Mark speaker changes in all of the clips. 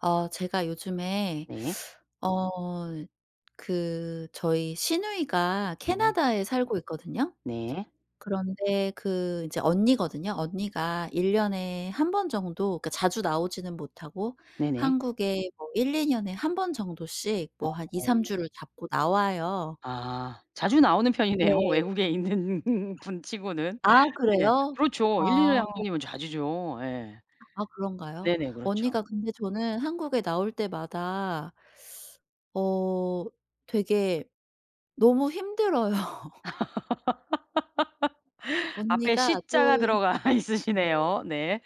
Speaker 1: 어. 제가 요즘에
Speaker 2: 네.
Speaker 1: 어. 그 저희 시누이가
Speaker 2: 네.
Speaker 1: 캐나다에 살고 있거든요.
Speaker 2: 네.
Speaker 1: 그런데 그 이제 언니거든요. 언니가 1 년에 1 번 정도 그러니까 자주 나오지는 못하고
Speaker 2: 네네.
Speaker 1: 한국에 뭐 1-2 년에 1 번 정도씩 뭐 한 2-3
Speaker 2: 어.
Speaker 1: 주를 잡고 나와요.
Speaker 2: 아. 자주 나오는 편이네요
Speaker 1: 네.
Speaker 2: 외국에 있는 분 치고는.
Speaker 1: 아
Speaker 2: 네.
Speaker 1: 그래요?
Speaker 2: 그렇죠. 1-2 년에
Speaker 1: 아.
Speaker 2: 1 번이면 자주죠. 예.
Speaker 1: 아 그런가요?
Speaker 2: 네네. 그렇죠.
Speaker 1: 언니가 근데 저는 한국에 나올 때마다 어. 되게 너무 힘들어요.
Speaker 2: 앞에
Speaker 1: 언니가
Speaker 2: 시
Speaker 1: 그
Speaker 2: 자가 들어가
Speaker 1: 네.
Speaker 2: 있으시네요. 네.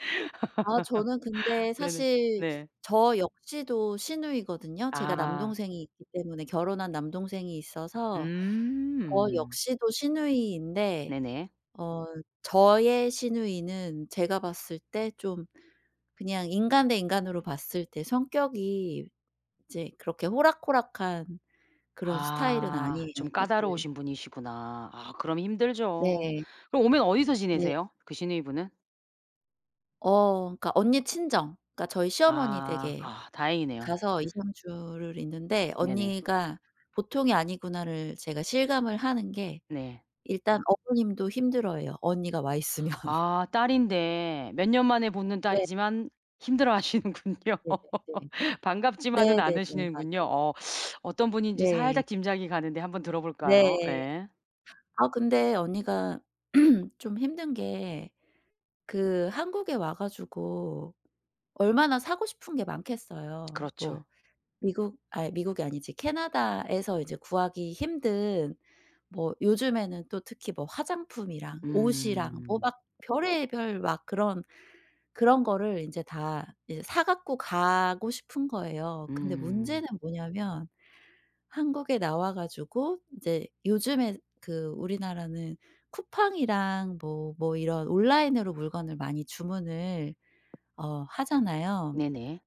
Speaker 1: 아 저는 근데
Speaker 2: 네네
Speaker 1: 사실
Speaker 2: 네.
Speaker 1: 저 역시도 시누이거든요. 제가
Speaker 2: 아.
Speaker 1: 남동생이 있기 때문에 결혼한 남동생이 있어서 저
Speaker 2: 음.
Speaker 1: 역시도 시누이인데
Speaker 2: 네네.
Speaker 1: 어. 저의 시누이는 제가 봤을 때 좀 그냥 인간 대 인간으로 봤을 때 성격이 이제 그렇게 호락호락한 그런 스타일은
Speaker 2: 아.
Speaker 1: 아니에요
Speaker 2: 좀
Speaker 1: 사실.
Speaker 2: 까다로우신 분이시구나. 아 그럼 힘들죠.
Speaker 1: 네.
Speaker 2: 그럼 오면 어디서
Speaker 1: 네.
Speaker 2: 지내세요? 그 시누이분은?
Speaker 1: 어. 그러니까 언니 친정. 그러니까 저희 시어머니
Speaker 2: 아.
Speaker 1: 댁에
Speaker 2: 아 다행이네요.
Speaker 1: 가서 2-3 주를 있는데
Speaker 2: 네네.
Speaker 1: 언니가 보통이 아니구나를 제가 실감을 하는 게
Speaker 2: 네.
Speaker 1: 일단 어머님도 힘들어해요 언니가 와 있으면.
Speaker 2: 아. 딸인데 몇 년 만에 보는
Speaker 1: 네.
Speaker 2: 딸이지만 힘들어하시는군요.
Speaker 1: 네네네.
Speaker 2: 반갑지만은
Speaker 1: 네네네. 맞아
Speaker 2: 않으시는군요. 어. 어떤 분인지
Speaker 1: 네.
Speaker 2: 살짝 짐작이 가는데 1 번 들어볼까요?
Speaker 1: 네.
Speaker 2: 예.
Speaker 1: 아 근데 언니가 좀 힘든 게 그 한국에 와 가지고 얼마나 사고 싶은 게 많겠어요.
Speaker 2: 그렇죠.
Speaker 1: 뭐 미국 아이 미국이 아니지. 캐나다에서 이제 구하기 힘든 뭐 요즘에는 또 특히 뭐 화장품이랑 옷이랑 뭐
Speaker 2: 음.
Speaker 1: 막 별의별 막 그런 그런 거를 인제 다 이제 사 가지고 가고 싶은 거예요. 근데
Speaker 2: 음.
Speaker 1: 문제는 뭐냐면 한국에 나와 가지고 이제 요즘에 그 우리나라는 쿠팡이랑 뭐 뭐 이런 온라인으로 물건을 많이 주문을 어. 하잖아요.
Speaker 2: 네네.